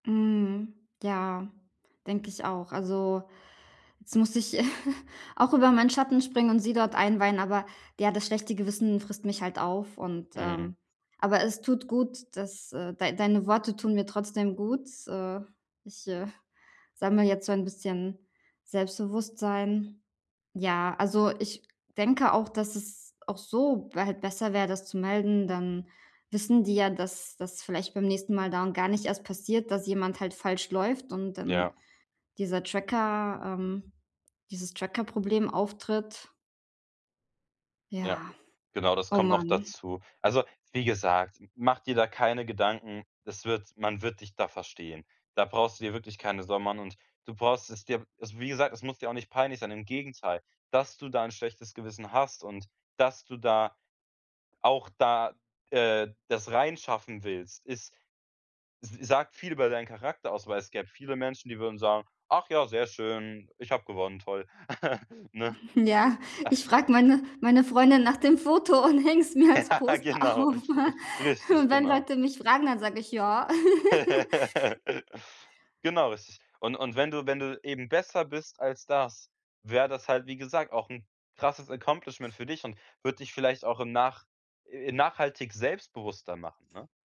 Mhm, ja, denke ich auch. Also, jetzt musste ich auch über meinen Schatten springen und sie dort einweihen, aber ja, das schlechte Gewissen frisst mich halt auf und, Mhm. ähm aber es tut gut, dass, äh dei deine Worte tun mir trotzdem gut, äh. Ich, äh, sammle jetzt so ein bisschen Selbstbewusstsein. Ja, also ich denke auch, dass es auch so halt besser wäre, das zu melden. Dann wissen die ja, dass das vielleicht beim nächsten Mal darum gar nicht erst passiert, dass jemand halt falsch läuft und dann Ja. dieser Tracker, ähm, dieses Trackerproblem auftritt. Ja. Ja, Genau, das oh kommt noch Mann. dazu. Also wie gesagt, mach dir da keine Gedanken, das wird man wird dich da verstehen. Da brauchst du dir wirklich keine Sorgen machen, und du brauchst es dir also wie gesagt, es muss dir auch nicht peinlich sein. Im Gegenteil: Dass du da 'n schlechtes Gewissen hast und dass du da auch da, äh, das reinschaffen willst, ist Das sagt viel über deinen Charakter aus, weil es gäbe viele Menschen, die würden sagen: „Ach ja, sehr schön, ich habe gewonnen, toll.“ Ne? Ja, ich frage meine meine Freundin nach dem Foto und häng's mir als Ja, Poster genau. auf. Richtig, Wenn genau. Leute mich fragen, dann sage ich: „Ja.“ Genau, richtig. Und und wenn du wenn du eben besser bist als das, wäre das halt, wie gesagt, auch 'n krasses Accomplishment für dich und würd dich vielleicht auch im nach äh, nachhaltig selbstbewusster machen, ne?